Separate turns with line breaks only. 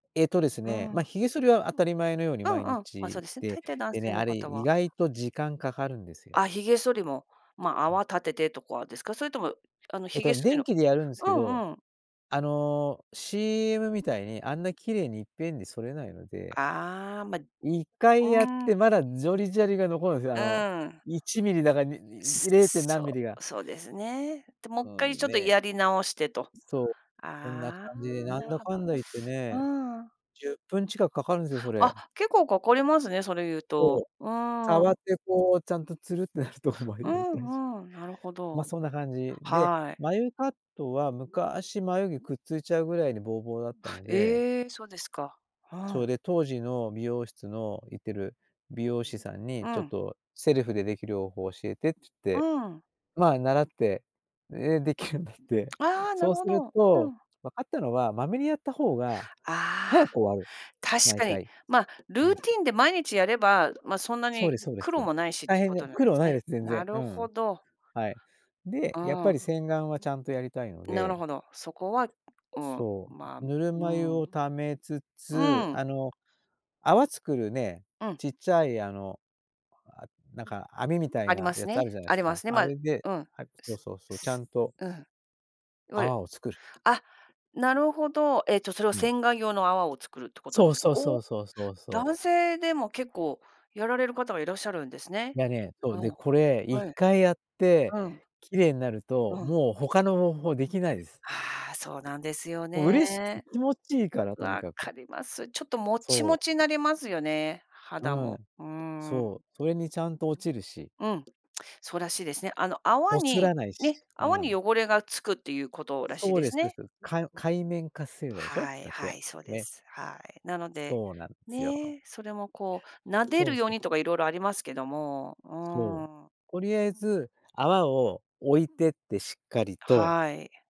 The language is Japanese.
えっとです
う
ね、まあ、
ん。
髭剃りは当たり前のように
うん
毎
うん。まあ、そう
日
ですね。
で、
大抵男
で
性
ね、
の
あれ、
方
意
は
外と時間掛かるんですよ。
あ、髭剃りも、まあ、
うん。
泡立ててとかですか？それとも、あの、
え
髭
と、
剃り
電
の
気でやるんす
う
けど、
んうん。
あの、CM みたいにあんな綺麗にいっぺんに剃れないので
ああ、まあ
一回やっ
うーん。
て、まだジョリジャリが残るんすよ、あ
う
の、
ーん。
1ミリだか、に
つ
い零点
つ
何
そ
ミリが。
う。そうですね。で、も
う
っかい
ん、
ちょっと
ね。
やり直してと。
そう。そんな
あ
感じで、
あ、
な
な
ん
る
だ
ほ
か
ど。
んだいってね、
うーん。
10分近く掛かるんすよ、それ。
あ、結構掛かりますね、それいう
そう、
と。う
触
ー
っ
ん。
てこう、ちゃんと、ツルってなるところまで
う
やりたいし、
んうん、なるほ
まあ、
ど。
そんな感じで、
はい。
眉カットは昔、眉毛くっついちゃうぐらいに、ぼうぼうだったので
ええ、そうですか。う
それ
ん。
で、当時の美容室の、行ってる美容師さんに、
う
ちょっ
ん。
と、セルフででき良法教えてっつっ
う
て。
ーん。
まあ、習って、ええ、出来るようになって。
ああ、な
そう
るほ
する
ど。う
と、
ん。
分かったのは、まめにやった方が
ああ。
早く終わる。
確
毎
かに、
回。
まあ、ル
う
ー
ん。
ティンで毎日やれば、まあ、そんな
そう
に
でそうです。
苦労もないしっ
大
て
変
こ
で、
となんで
苦労
す
ないで
ね。
す、全
な
然。う
る
ん。
ほど。
はい。
う
で、やっ
ー
ぱ
ん。
り洗顔はちゃんとやりたいの
なる
で。
ほど、そこはうん。
そ
まあ、
う。ぬる
う
ま湯を
ん。
溜めつ
う
つ、
ん。
あの、泡作るね、
うん。
ちっちゃい、あの、あ、なんか網みたい
あり
な
ま
や
す
つある
ね
じゃない
あ
す
りま
か。
すね。
あ
まあ
れで
うん。
はい、そう
す
そうそう、ちゃ
す
んと
うん。いわゆる
泡を作る。
あ、なるほど、ええと、それを
うん。
洗顔用の泡を作るってこと
そ
で
う
すか？
そう
お
そ
お、
うそうそうそう。
男性でも結構やられる方がいらっしゃるんです
い
ね。
や、ね、そう、
う
で、
ん。
これ一
はい。
回やって
うん。
綺麗になると、
うん。
もう他の方法出来ないです。
ああ、そうなんですよ
もう嬉しくて、
ね。
気持ちいいから、とに
分
かく。
かります。ちょっとモチ
そ
モ
う。
チなりますよね、
う
肌も、
ん。
うー
そ
ん。
う。それにちゃんと落ちるし。
うん、そうらしいですね。あの泡
こす
に、
らないし。
ね、
う
泡に
ん。
汚れが付くっていうことらしい
そう
で
で
す
す、です。
ね。
かう界面活性剤でしょ。
はい、
だっ
は
て、
い、そうで
ね。
す。はい。なので、
そうなんですよ。
ね、それもこう、撫で
そ
る
うそ
よう
う。
にとか色々ありますけども、う
そう。
ーん。
とりあえず、泡をおいてって、しっかりと。
はい。